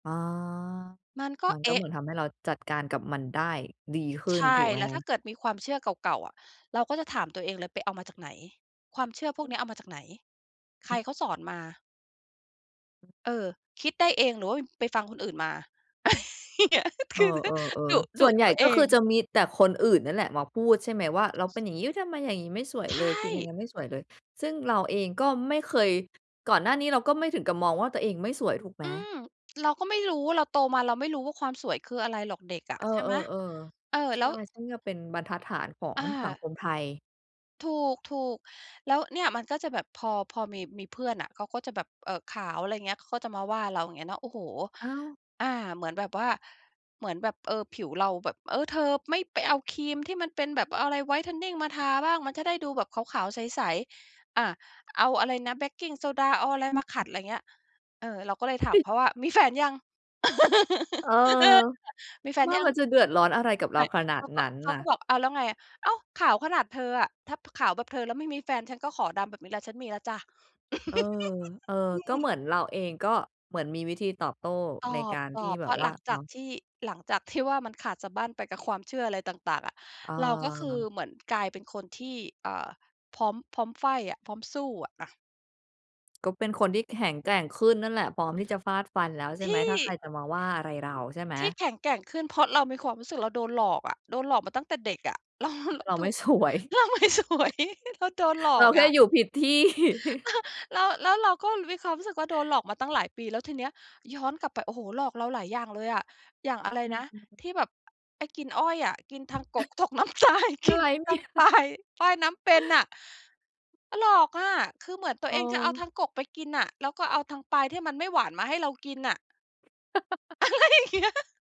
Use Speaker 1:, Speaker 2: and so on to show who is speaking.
Speaker 1: อ๋อ
Speaker 2: มันก็
Speaker 1: มัน
Speaker 2: เ
Speaker 1: ก
Speaker 2: อ
Speaker 1: ็
Speaker 2: ๊
Speaker 1: เหม
Speaker 2: ะ
Speaker 1: ือนทำให้เราจัดการกับมันได้ดีขึ้
Speaker 2: ใช
Speaker 1: น ถ
Speaker 2: ่
Speaker 1: ูกไหม
Speaker 2: แล้ว
Speaker 1: ค
Speaker 2: ถ้
Speaker 1: ะ?
Speaker 2: าเกิดมีความเชื่อเก่า ๆ อะ เราก็จะถามตัวเองเลยไปเอามาจากไหน? ความเชื่อพวก
Speaker 1: อื
Speaker 2: เน
Speaker 1: อ
Speaker 2: ี้ยเอามาจากไหน? ใคร
Speaker 1: อือ
Speaker 2: เขาสอนมา?
Speaker 1: อือ
Speaker 2: เออ คิดได้เองหรือว่า อ ไปฟังคนอื่นมา? ค
Speaker 1: เอ
Speaker 2: ือ
Speaker 1: อ
Speaker 2: ดุ
Speaker 1: ๆ ๆ ส
Speaker 2: ดุ
Speaker 1: ่วนให
Speaker 2: ต
Speaker 1: ญ
Speaker 2: ั
Speaker 1: ่
Speaker 2: วเอ
Speaker 1: ก็คื
Speaker 2: ง
Speaker 1: อจะมีแต่คนอื่นนั่นแหละมาพูดใช่ไหม? ว่าเราเป็นอย่างงี้ ทำไมอย่างงี้ไม่สวย
Speaker 2: ใช
Speaker 1: เลย เป็นยังไ
Speaker 2: ่
Speaker 1: งไม่สวยเลย ซึ่งเราเองก็ไม่เคย ก่อนหน้านี้เราก็ไม่ถึงกับมองว่าตัวเองไม่สวยถูกไหม?
Speaker 2: อืม เราก็ไม่รู้ว่า เราโตมาเราไม่รู้ว่าความสวยคืออะไรหรอกเด็กอะ
Speaker 1: เออ
Speaker 2: ใช่ไหม
Speaker 1: ๆ
Speaker 2: เออ
Speaker 1: ๆ ใช
Speaker 2: แล
Speaker 1: ่
Speaker 2: ้ว
Speaker 1: ซึ่งก็เป็นบรรทัดฐานของ
Speaker 2: อ
Speaker 1: สัง
Speaker 2: า
Speaker 1: คมไทย
Speaker 2: ถูก ๆ แล้วเนี่ยมันก็จะแบบพอ พอมี มีเพื่อนน่ะ เขาก็จะแบบ เอ่อ ขาว อะไรเงี้ย เขาก็จะมาว่าเรา อย่างเงี้ยเนาะ โอ้โฮ
Speaker 1: อ้าว
Speaker 2: อา เหมือนแบบว่า เหมือนแบบ เออ ผิวเราแบบ "เออ เธอไม่ไปเอาครีมที่มันเป็นแบบอะไร ไวท์เทนนิ่งมาทาบ้าง มันจะได้ดูแบบขาว ๆ ใส ๆ อะ เอาอะไรนะ แบคกิ้งโซดา เอาอะไรมาขัด" อะไรเงี้ย เออ เราก็เลยถามเขาว่า "มีแฟนยัง?"
Speaker 1: เออ
Speaker 2: "มีแฟน
Speaker 1: ว่า
Speaker 2: ยั
Speaker 1: ม
Speaker 2: ง?"
Speaker 1: ันจะเดือดร้อนอะไรกับเ
Speaker 2: ไ
Speaker 1: ร
Speaker 2: ม
Speaker 1: า
Speaker 2: ่
Speaker 1: ขนา
Speaker 2: เข
Speaker 1: ด
Speaker 2: าก
Speaker 1: น
Speaker 2: ็
Speaker 1: ั้น
Speaker 2: เขา
Speaker 1: น่
Speaker 2: ก
Speaker 1: ะ
Speaker 2: ็บอก "อ้าว แล้วไง" อ้าว ขาวขนาดเธออะ ถ้าขาวแบบเธอแล้วไม่มีแฟนฉันก็ขอดำแบบนี้แหละ ฉันมีแล้วจ้ะ
Speaker 1: เออ
Speaker 2: อ
Speaker 1: เออ ก
Speaker 2: ื
Speaker 1: ็เ
Speaker 2: ม
Speaker 1: หมือนเราเองก็เหมือนมีวิธีตอบโต้
Speaker 2: ต
Speaker 1: ในการที่
Speaker 2: อบ ๆ เ
Speaker 1: แบ
Speaker 2: พร
Speaker 1: บ
Speaker 2: าะ
Speaker 1: ว
Speaker 2: ห
Speaker 1: ่า
Speaker 2: ลังจ
Speaker 1: เนา
Speaker 2: าก
Speaker 1: ะ
Speaker 2: ที่ หลังจากที่ว่ามันขาดสะบั้นไปกับความเชื่ออะไรต่าง ๆ อะ
Speaker 1: เ
Speaker 2: เราก็คือ
Speaker 1: ออ
Speaker 2: เหมือนกลายเป็นคนที่ เอ่อ พร้อม พร้อมไฟต์อะ พร้อมสู้อะ อะ
Speaker 1: ก็เป็นคนที่แข็งแกร่งขึ้นนั่นแหละ พร้อมที่จะฟาดฟันแล้วใช
Speaker 2: ท
Speaker 1: ่ไหม
Speaker 2: ี่
Speaker 1: ถ้าใครจะมาว่าอะไรเราใช่ไหม?
Speaker 2: ที่แข็งแกร่งขึ้นเพราะเรามีความรู้สึกเราโดนหลอกอะ โดนหลอกมาตั้งแต่เด็กอะ เร
Speaker 1: อ
Speaker 2: า
Speaker 1: เรา
Speaker 2: ถ
Speaker 1: ไม
Speaker 2: ู
Speaker 1: ่
Speaker 2: กอ
Speaker 1: ส
Speaker 2: ะ
Speaker 1: วย
Speaker 2: เราไม่สวย เราโดนหล
Speaker 1: เ
Speaker 2: อ
Speaker 1: รา
Speaker 2: ก
Speaker 1: แค
Speaker 2: อ
Speaker 1: ่
Speaker 2: ะ
Speaker 1: อยู่ผิด ที่
Speaker 2: แล้ว แล้วเราก็มีความรู้สึกว่า โดนหลอกมาตั้งหลายปี แล้วทีเนี้ยย้อนกลับไป โอ้โฮ หลอกเราหลายอย่างเลยอะ อย่างอะไร
Speaker 1: อื
Speaker 2: นะ
Speaker 1: ม ๆ
Speaker 2: ที่แบบไอ้กินอ้อยอะ กิน ทางกก ตกน้ำตาย ก
Speaker 1: อะ
Speaker 2: ิ
Speaker 1: ไ
Speaker 2: น
Speaker 1: รเน
Speaker 2: ทั
Speaker 1: ี่
Speaker 2: ้ง
Speaker 1: ย
Speaker 2: ปลาย ป้ายน้ำเป็นน่ะ อา หลอกอะ คือเหมือนตั
Speaker 1: อ
Speaker 2: ว
Speaker 1: ๋
Speaker 2: เองจะเอา
Speaker 1: อ
Speaker 2: ทางกกไปกินน่ะ แล้วก็เอาทางปลายที่มันไม่หวานมาให้เรากินน่ะ อะไรอย่างเงี้ย